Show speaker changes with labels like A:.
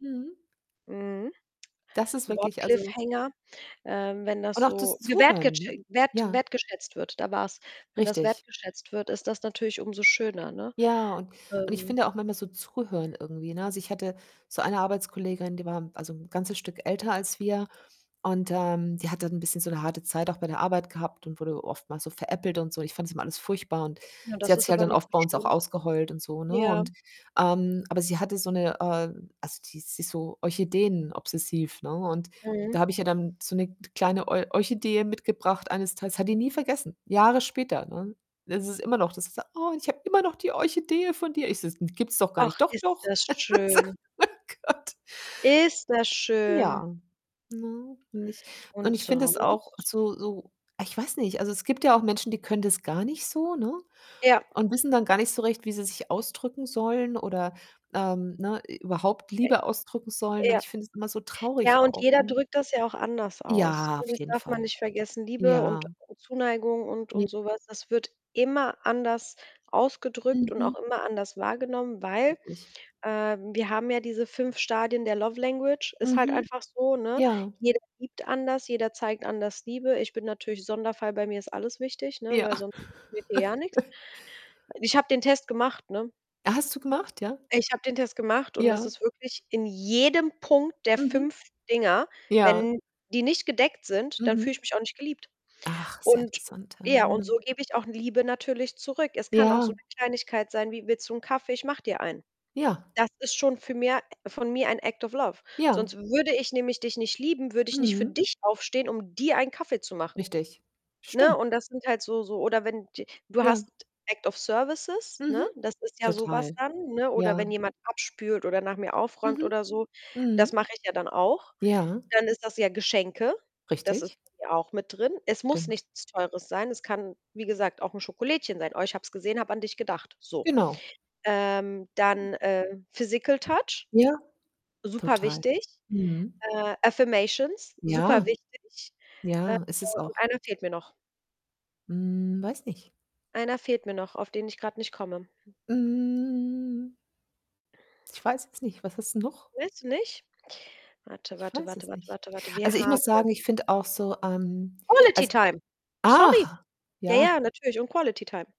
A: Mhm.
B: Mhm.
A: Das ist wirklich, also
B: Wort-Cliffhanger. Ähm, wenn das
A: und auch
B: so
A: das
B: gewertgetschä
A: Zuhören.
B: wert
A: Ja.
B: wertgeschätzt wird da war's, wenn das
A: Richtig.
B: wertgeschätzt wird, ist das natürlich umso schöner, ne?
A: Ja, und und ich
B: Ähm
A: finde auch manchmal so zuhören irgendwie, ne? Also, ich hatte so eine Arbeitskollegin, die war, also, 'n ganzes Stück älter als wir und, ähm, die hat dann 'n bisschen so 'ne harte Zeit auch bei der Arbeit gehabt und wurde oftmals so veräppelt und so. Ich fand das immer alles furchtbar und
B: Ja,
A: sie
B: das
A: hat
B: ist
A: sich halt
B: aber
A: dann
B: nicht
A: oft
B: so
A: bei uns auch
B: schön.
A: ausgeheult und so, ne?
B: Ja.
A: Und, ähm aber sie hatte so 'ne, äh, also die sie ist so Orchideen-obsessiv, ne? Und
B: Mhm.
A: da habe ich ja dann so 'ne k kleine Or Orchidee mitgebracht eines Tages, hat die nie vergessen, Jahre später, ne? Es ist immer noch, dass sie sagt: „Oh, ich habe immer noch die Orchidee von dir.“ Ich so: „Gibt's doch gar
B: Ach,
A: nicht“, „Doch,
B: ist
A: doch.”
B: das schön.
A: [unintelligible] mein Gott.
B: Ist das schön.
A: Ja. Ne, und ich und
B: Und
A: ich finde es auch
B: sonst?
A: so so ich weiß nicht, also es gibt ja auch Menschen, die können das gar nicht so, ne,
B: Ja.
A: und wissen dann gar nicht so recht, wie sie sich ausdrücken sollen oder, ähm, ne, i überhaupt
B: Äh,
A: Liebe ausdrücken sollen und
B: ja.
A: ich finde es immer so
B: Ja,
A: traurig
B: und
A: auch,
B: jeder
A: ne?
B: drückt das ja auch anders aus,
A: Ja,
B: ne,
A: auf
B: das
A: jeden
B: darf man
A: Fall.
B: nicht vergessen, Liebe und
A: Ja.
B: und Zuneigung und und
A: [unintelligible]
B: so was, das wird immer anders ausgedrückt und
A: Mhm.
B: auch immer anders wahrgenommen, weil,
A: Richtig.
B: ähm, wir haben ja diese 5 Stadien der love language. Ist halt
A: Mhm.
B: einfach so, ne?
A: Ja.
B: Jeder liebt anders, jeder zeigt anders Liebe. Ich bin natürlich Sonderfall, bei mir ist alles wichtig, ne,
A: Ja.
B: weil sonst geht hier gar nix. Ich habe den Test gemacht, ne?
A: Hast du gemacht, ja?
B: Ich habe den Test gemacht und das
A: Ja.
B: ist wirklich in jedem Punkt der
A: Mhm.
B: 5 Dinger
A: Ja.
B: wenn die nicht gedeckt sind, dann fühle ich
A: Mhm.
B: mich auch nicht geliebt
A: Ach, ist ja
B: und
A: interessant, ah,
B: ja,
A: ja.
B: und so gebe ich auch Liebe natürlich zurück. Es kann auch so
A: Ja.
B: 'ne Kleinigkeit sein wie: „Willst du 'n Kaffee? Ich mache dir einen.“
A: Ja.
B: Das ist schon für mir von mir ein Act of Love.
A: Ja.
B: Sonst würde ich nämlich dich nicht lieben, würde ich nicht für
A: Mhm.
B: dich aufstehen, um dir einen Kaffee zu machen.
A: Richtig.
B: Ne?
A: Stimm
B: Und das sind halt so so oder wenn d du
A: Ja.
B: hast Act of Services, ne?
A: Mhm.
B: Das ist ja so was
A: Total.
B: dann, ne? Oder
A: Ja.
B: wenn jemand abspült oder nach mir aufräumt
A: Mhm.
B: oder so, das
A: Mhm.
B: mache ich ja dann auch.
A: Ja.
B: Dann ist das ja Geschenke, das ist
A: Richtig.
B: [unintelligible] auch mit drin. Es muss
A: Stimmt.
B: nichts Teures sein. Es kann, wie gesagt, auch 'n Schokolädchen sein. „Oh, ich habe es gesehen, habe an dich gedacht.“ So.
A: Genau.
B: Ähm, dann,
A: [unintelligible]
B: äh, Physical Touch,
A: Ja, total.
B: superwichtig.
A: Mhm.
B: Äh, Affirmations,
A: Ja.
B: superwichtig. Äh,
A: Ja, ist es
B: und
A: auch.
B: einer fehlt mir noch.
A: Hm, weiß nicht.
B: Einer fehlt mir noch, auf den ich grad nicht komme.
A: Hm ich weiß es nicht, was hast 'n noch?
B: Willst du nicht? Warte,
A: Ich
B: warte,
A: weiß
B: warte,
A: es
B: warte,
A: nicht.
B: warte, warte. Wir
A: Also, ich muss
B: haben
A: sagen, ich finde auch so, ähm,
B: Quality
A: als
B: Time. Sorry.
A: ach!
B: Ja,
A: Ja.
B: ja, natürlich und Quality Time.